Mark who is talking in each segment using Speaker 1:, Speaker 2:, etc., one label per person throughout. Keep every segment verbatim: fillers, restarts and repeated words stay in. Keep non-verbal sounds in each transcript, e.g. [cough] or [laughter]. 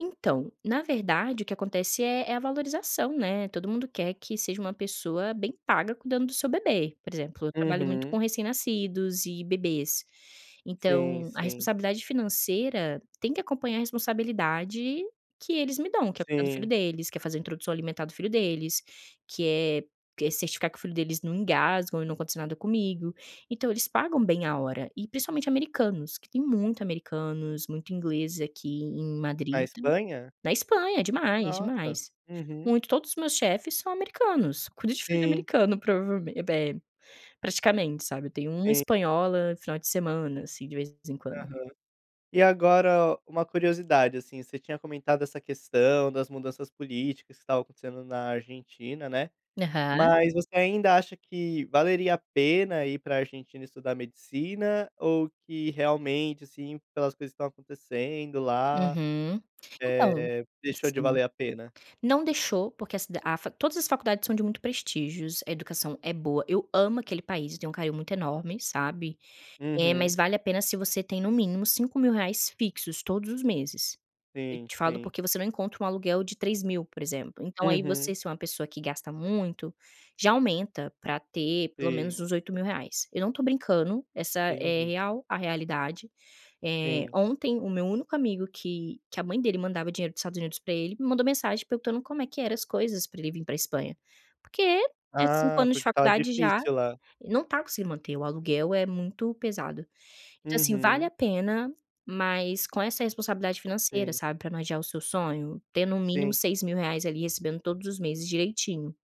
Speaker 1: Então, na verdade, o que acontece é é a valorização, né, todo mundo quer que seja uma pessoa bem paga cuidando do seu bebê. Por exemplo: eu trabalho muito com
Speaker 2: Uhum.
Speaker 1: recém-nascidos e bebês,
Speaker 2: Sim,
Speaker 1: então a
Speaker 2: sim.
Speaker 1: responsabilidade financeira tem que acompanhar a responsabilidade que eles me dão, que é cuidar do filho
Speaker 2: Sim.
Speaker 1: deles, que é fazer introdução alimentar do filho deles, que é que é certificar que o filho deles não engasgue ou não aconteça nada comigo. Então, eles pagam bem a hora, e principalmente americanos, que têm muito americanos, muito ingleses aqui em
Speaker 2: Na
Speaker 1: Madrid, enta
Speaker 2: Espanha?
Speaker 1: Na Espanha, é demais,
Speaker 2: Nossa!
Speaker 1: demais,
Speaker 2: Uhum.
Speaker 1: muito. Todos os meus chefes são americanos, cuido de filho de
Speaker 2: Sim.
Speaker 1: americano provavel eh, praticamente, sabe. Eu tenho uma
Speaker 2: Sim.
Speaker 1: espanhola, final de semana, assim, de vez em quando.
Speaker 2: Aham. E agora, uma curiosidade, assim: você tinha comentado essa questão das mudanças políticas que estavam acontecendo na Argentina, né.
Speaker 1: Aham.
Speaker 2: Mas você ainda acha que valeria a pena ir pra Argentina estudar medicina ou que realmente, assim, pelas coisas que estão acontecendo lá,
Speaker 1: Uhum. Então
Speaker 2: eh, deixou de
Speaker 1: sim.
Speaker 2: valer a pena?
Speaker 1: Não deixou, porque a cid a facu todas as faculdades são de muito prestígios. A educação é boa, eu amo aquele país, eu tenho um carinho muito enorme, sabe, eh, mas
Speaker 2: Uhum.
Speaker 1: vale a pena se você tem, no mínimo cinco mil reais fixos todos os meses. Eu
Speaker 2: Sim,
Speaker 1: te falo
Speaker 2: sim.
Speaker 1: porque você não encontra um aluguel de três mil, por exemplo. Então, aí você,
Speaker 2: Uhum.
Speaker 1: se é uma pessoa que gasta muito, já aumenta pra ter, pelo
Speaker 2: Sim.
Speaker 1: menos, uns oito mil reais. Eu não tô brincando, essa é
Speaker 2: Entendi.
Speaker 1: real a realidade. Eh,
Speaker 2: Sim.
Speaker 1: ontem o meu único amigo que que a mãe dele mandava dinheiro dos Estados Unidos pra ele me mandou mensagem perguntando como é que eram as coisas pra ele vir pra Espanha. Porque é cinco
Speaker 2: Ah,
Speaker 1: anos de
Speaker 2: porque estava
Speaker 1: faculdade já,
Speaker 2: difícil lá.
Speaker 1: ele não tá conseguindo manter, o aluguel é muito pesado. Então, assim, vale
Speaker 2: Uhum.
Speaker 1: a pena, mas com essa responsabilidade financeira,
Speaker 2: Sim.
Speaker 1: sabe, pra não adiar o seu sonho, ter, no mínimo,
Speaker 2: Sim.
Speaker 1: seis mil reais ali, recebendo todos os meses direitinho.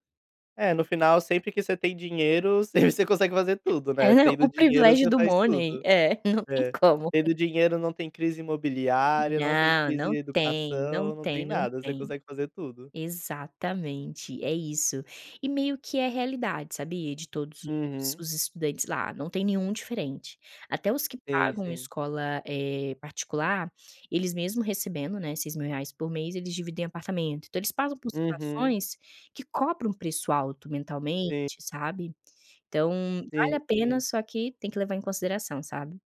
Speaker 2: É, no final, sempre que você tem dinheiro, sempre você consegue fazer tudo, né.
Speaker 1: [unintelligible]
Speaker 2: Tendo
Speaker 1: O
Speaker 2: dinheiro,
Speaker 1: privilégio
Speaker 2: você
Speaker 1: do
Speaker 2: faz
Speaker 1: money.
Speaker 2: tudo.
Speaker 1: É, não tem
Speaker 2: É.
Speaker 1: como.
Speaker 2: Tendo dinheiro não tem crise imobiliária, não tem
Speaker 1: Não,
Speaker 2: crise
Speaker 1: não
Speaker 2: em
Speaker 1: tem, não
Speaker 2: educação, não
Speaker 1: tem,
Speaker 2: tem
Speaker 1: não
Speaker 2: nada, você
Speaker 1: tem.
Speaker 2: consegue fazer tudo.
Speaker 1: Exatamente, é isso. E meio que é realidade, sabia. De todos os
Speaker 2: Uhum.
Speaker 1: os estudantes lá, não tem nenhum diferente. Até os que
Speaker 2: Sim,
Speaker 1: pagam uma
Speaker 2: sim.
Speaker 1: escola, eh, particular, eles, mesmo recebendo, né, seis mil reais por mês, eles dividem apartamento. Então, eles passam por
Speaker 2: Uhum.
Speaker 1: situações que cobram um preço alto mentalmente,
Speaker 2: Sim.
Speaker 1: sabe. Então, vale a
Speaker 2: Sim,
Speaker 1: pena,
Speaker 2: sim.
Speaker 1: só que tem que levar em consideração, sabe.